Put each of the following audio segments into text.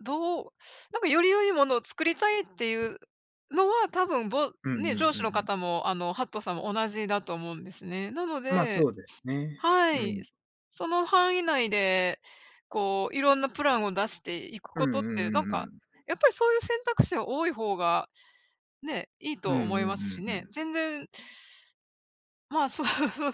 どうなんかより良いものを作りたいっていうのは、多分ぼうんね、うん上う司のんうん。方も、あの、ハットさんも同じだと思うんですね。なのま、でそうですね。はうい。ん。その範囲内で、こう、いろんなプランを出していくうことっんうて、んなんうんうか、ん。やっぱりそういう選択肢は多い方が、ねえ、いいうとん思うんいうますしんうね。ん。全然ま、そうそうそう、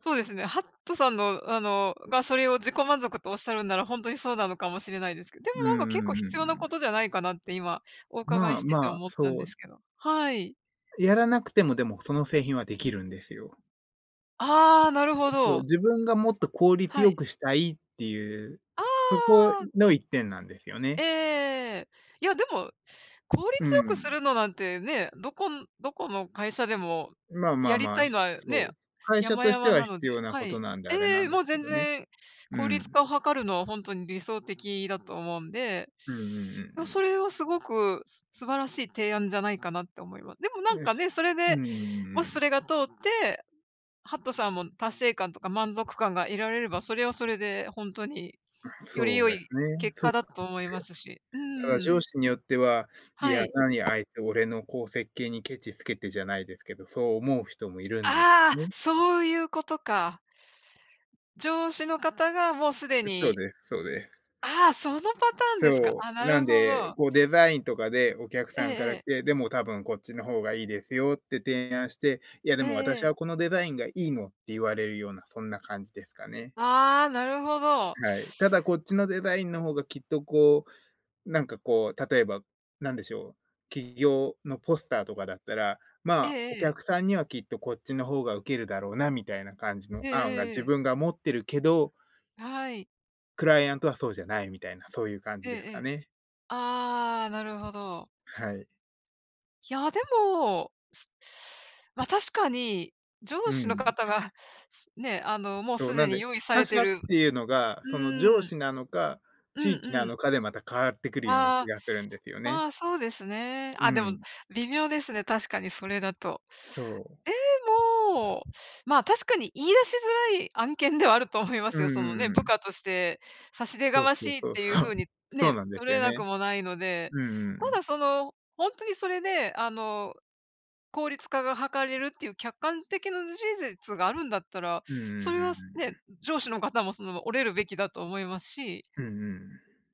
そうですね、ハットさんの、あのが、それを自己満足とおっしゃるんなら、ほんとにそうなのかもしれないですけど。でも、うなんか、んうん結構う必んう要なん。ことじゃないかなって今、お伺いまあ、しててまあ、思ったんそでう。すけど。はい。やらなくても、でも、その製品はできるんですよ。ああ、なるほで、そう、ど。自分がもっと効率はよい。くしたいっていう、あそこあ。の一点なんですよええね。ええええ。いや、でも、効う率よくすん。るのなんてね、どこんどこの会社でも、まあまやありまたあ、いひのはそね、う、会社山として々はなの必で要なはことい。なんで、あれえなえ、んでもうすけ全どね。然、う効率ん。化を図るのはほんとに理想的だと思うんで。うんうんうんいうや、それん。はすごく素晴らしい提案じゃないかなって思いまでも、なんえかね、すそれうーで、もしそん。れが通って、ハットさんも達成感とか満足感が得られれば、それはそれでほんとに、あ、よりそう良ですいね。結そ果うだと思いますし。うんなうんすんうよ。ただ上ん。司によっては、いはや、い。なに、あいつ、俺の、こう、設計にケチつけてじゃないですけど、そう思う人もいるんですああ、ね。そういうことか。上司の方がもう既う、そうにです、そうです。ああ、そのパターンですか。そあ、う。ななるんほで、ど。こう、デザインとかでお客ええさんかえらえ。来て、でも多分こっちの方がいいですよって提案して、いや、でええも私はええ。このデザインがいいのって言われるような、そんな感じですかね。ああ、なるほど。はい。ただ、こっちのデザインの方がきっと、こうなんか、こう、例えば、何でしょう、企業のポスターとかだったら、えま、えおええ。客さんにはきっとこっちの方が受けるだろうなみたいな感じのええ案がえええ自え。分が持ってるけどはい。クライアントはそうじゃないみたいな、そういう感えじえですえかえ。ね。ああ、なるほど。はい。いや、でもま、確かに、上う司のん。方がね、あの、もうそすう、なでんにで、用意さ他れて者っるていうのが、うその上ーん。司なのか、うん地域うなん。のかで、また変わってくるような気あがするんですよあ、あね。あ、そうですね。うあ、でもん。微妙ですね、確かに、それだと。そう。でも、ま、確かに言い出しづらい案件ではあると思いまうんすよ。そのうね、んう部ん。下として差し出そがうまそうしいっそうていそう、う風にそうね、なんです取れよなくね。もないので。うんうんうたん。だ、その、ほんとにそれで、あの、効率化が図れるっていう客観的な事実があるんだったら、うんうんそうんうれんうはね、ん。上司の方も、その、折れるべきだと思いますし。うんうん。